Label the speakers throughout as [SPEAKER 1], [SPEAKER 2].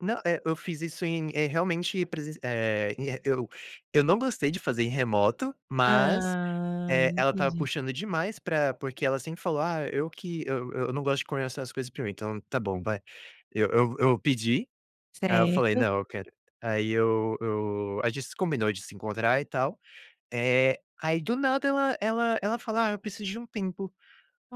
[SPEAKER 1] Não, eh, eu fiz isso em eh, realmente, presenc eh, e eu eu não gostei de fazer em remoto, mas,
[SPEAKER 2] Ah,
[SPEAKER 1] eh, ela estava
[SPEAKER 2] entendi.
[SPEAKER 1] puxando demais pra porque ela sempre falou: "Ah, eu que eu eu não gosto de conversar as coisas pra mim", então tá bom vai. Eu eu eu pedi, aí eu falei:
[SPEAKER 2] Certo.
[SPEAKER 1] "Não, eu quero", aí eu eu a gente se combinou de se encontrar e tal, eh, aí do nada ela ela ela fala: "Ah, eu preciso de um tempo",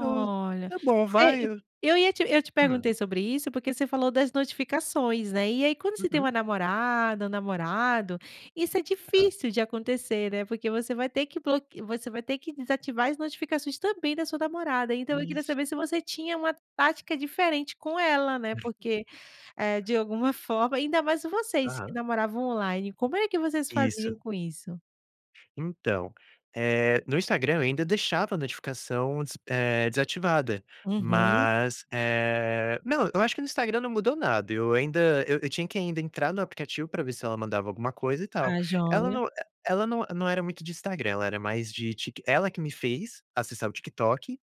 [SPEAKER 1] eu: "Tá bom,
[SPEAKER 2] é,
[SPEAKER 1] vai.
[SPEAKER 2] eu
[SPEAKER 1] "Eu
[SPEAKER 2] eu ia te eu te
[SPEAKER 1] "Hum.
[SPEAKER 2] perguntei sobre isso, porque você falou das notificações, né, e aí quando você tem
[SPEAKER 1] Uhum.
[SPEAKER 2] uma namorada, um namorado, isso é
[SPEAKER 1] Tá.
[SPEAKER 2] difícil de acontecer, né, porque você vai ter que bloque você vai ter que desativar as notificações também da sua namorada, então eu queria
[SPEAKER 1] Isso.
[SPEAKER 2] saber se você tinha uma tática diferente com ela, né, porque, eh, de alguma forma ainda mais vocês que
[SPEAKER 1] Aham.
[SPEAKER 2] namoravam online, como é que vocês
[SPEAKER 1] Isso.
[SPEAKER 2] faziam com isso?
[SPEAKER 1] Então, eh, no Instagram eu ainda deixava a notificação des eh, desativada,
[SPEAKER 2] Uhum.
[SPEAKER 1] mas, eh não, eu acho que no Instagram não mudou nada, eu ainda eu tinha que ainda entrar no aplicativo para ver se ela mandava alguma coisa e tal.
[SPEAKER 2] Ah,
[SPEAKER 1] Ela
[SPEAKER 2] joia.
[SPEAKER 1] não e ela não não era muito de Instagram, ela era mais de Tik ela que me fez acessar o TikTok,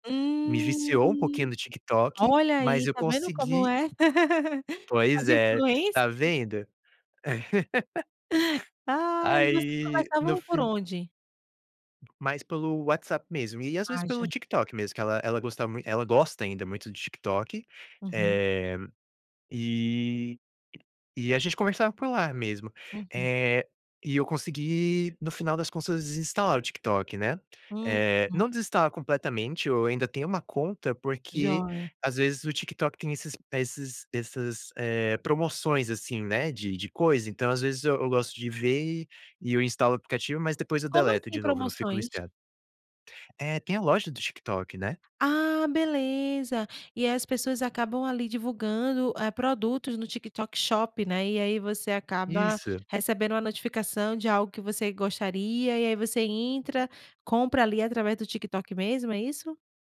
[SPEAKER 1] me
[SPEAKER 2] Hum,
[SPEAKER 1] viciou um pouquinho no TikTok,
[SPEAKER 2] olha
[SPEAKER 1] mas
[SPEAKER 2] aí,
[SPEAKER 1] eu
[SPEAKER 2] tá vendo como
[SPEAKER 1] consegui
[SPEAKER 2] é,
[SPEAKER 1] Pois
[SPEAKER 2] as
[SPEAKER 1] é, tá
[SPEAKER 2] influências.
[SPEAKER 1] vendo?
[SPEAKER 2] Ai, vocês
[SPEAKER 1] Aí no
[SPEAKER 2] conversavam por
[SPEAKER 1] fin
[SPEAKER 2] onde?
[SPEAKER 1] Mais pelo WhatsApp mesmo, e às vezes
[SPEAKER 2] Ah,
[SPEAKER 1] pelo
[SPEAKER 2] já.
[SPEAKER 1] TikTok mesmo, que ela ela gostava muito ela gosta ainda muito do TikTok,
[SPEAKER 2] Uhum.
[SPEAKER 1] eh, e e a gente conversava por lá mesmo.
[SPEAKER 2] Uhum.
[SPEAKER 1] Eh, e eu consegui no final das contas desinstalar o TikTok, né,
[SPEAKER 2] Uhum.
[SPEAKER 1] eh, não desinstalar completamente, eu ainda tenho uma conta, porque
[SPEAKER 2] Joia.
[SPEAKER 1] às vezes o TikTok tem esses esses essas, eh, promoções, assim, né, de de coisa, então, às vezes, eu eu gosto de ver, e e eu instalo o aplicativo, mas depois eu
[SPEAKER 2] Como
[SPEAKER 1] deleto
[SPEAKER 2] assim
[SPEAKER 1] de novo, não fico
[SPEAKER 2] promoções?
[SPEAKER 1] listando. É, tem a loja do TikTok, né.
[SPEAKER 2] Ah, beleza, e aí as pessoas acabam, ali, divulgando, eh, produtos no TikTok Shop, né, e aí você acaba
[SPEAKER 1] Isso.
[SPEAKER 2] recebendo uma notificação de algo que você gostaria, e aí você entra, compra ali através do TikTok mesmo, é isso?